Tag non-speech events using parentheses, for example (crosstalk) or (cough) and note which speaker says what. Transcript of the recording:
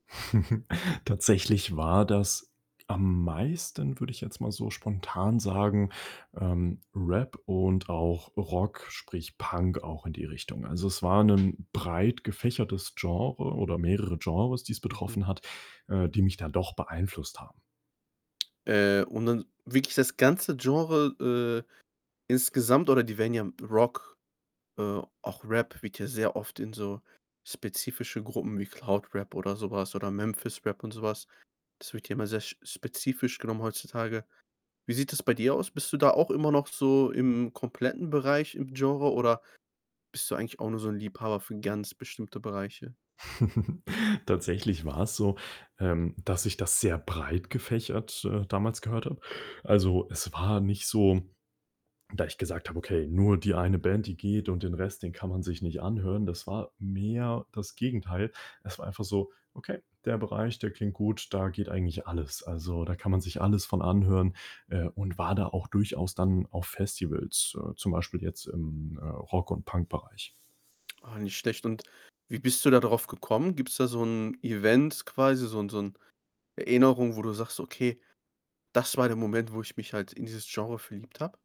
Speaker 1: (chuckles) Tatsächlich war das am meisten, würde ich jetzt mal so spontan sagen, ähm, Rap und auch Rock, sprich Punk auch in die Richtung. Also, es war 'nen breit gefächertes Genre oder mehrere Genres, die's
Speaker 2: Mhm.
Speaker 1: betroffen hat, äh, die mich dann doch beeinflusst haben.
Speaker 2: Äh, und dann wirklich das ganze Genre, äh, insgesamt oder die werden ja Rock, äh auch Rap wird ja sehr oft in so spezifische Gruppen wie Cloud Rap oder so was oder Memphis Rap und so was. Das wird ja immer sehr spezifisch genommen heutzutage. Wie sieht das bei dir aus? Bist du da auch immer noch so im kompletten Bereich im Genre oder bist du eigentlich auch nur so 'n Liebhaber für ganz bestimmte Bereiche?
Speaker 1: (chuckles) Tatsächlich war es so, ähm, dass ich das sehr breit gefächert, äh, damals gehört habe. Also, es war nicht so, da ich gesagt habe: „Okay, nur die eine Band, die geht und den Rest, den kann man sich nicht anhören", das war mehr das Gegenteil. Es war einfach so: „Okay, der Bereich, der klingt gut, da geht eigentlich alles. Also, da kann man sich alles von anhören," äh, und war da auch durchaus dann auf Festivals, äh, zum Beispiel jetzt im, äh, Rock und Punk-Bereich.
Speaker 2: Ah, nicht schlecht, und wie bist du da drauf gekommen? Gibt's da so 'n Event quasi, so 'n so 'n Erinnerung, wo du sagst: „Okay, das war der Moment, wo ich mich halt in dieses Genre verliebt habe."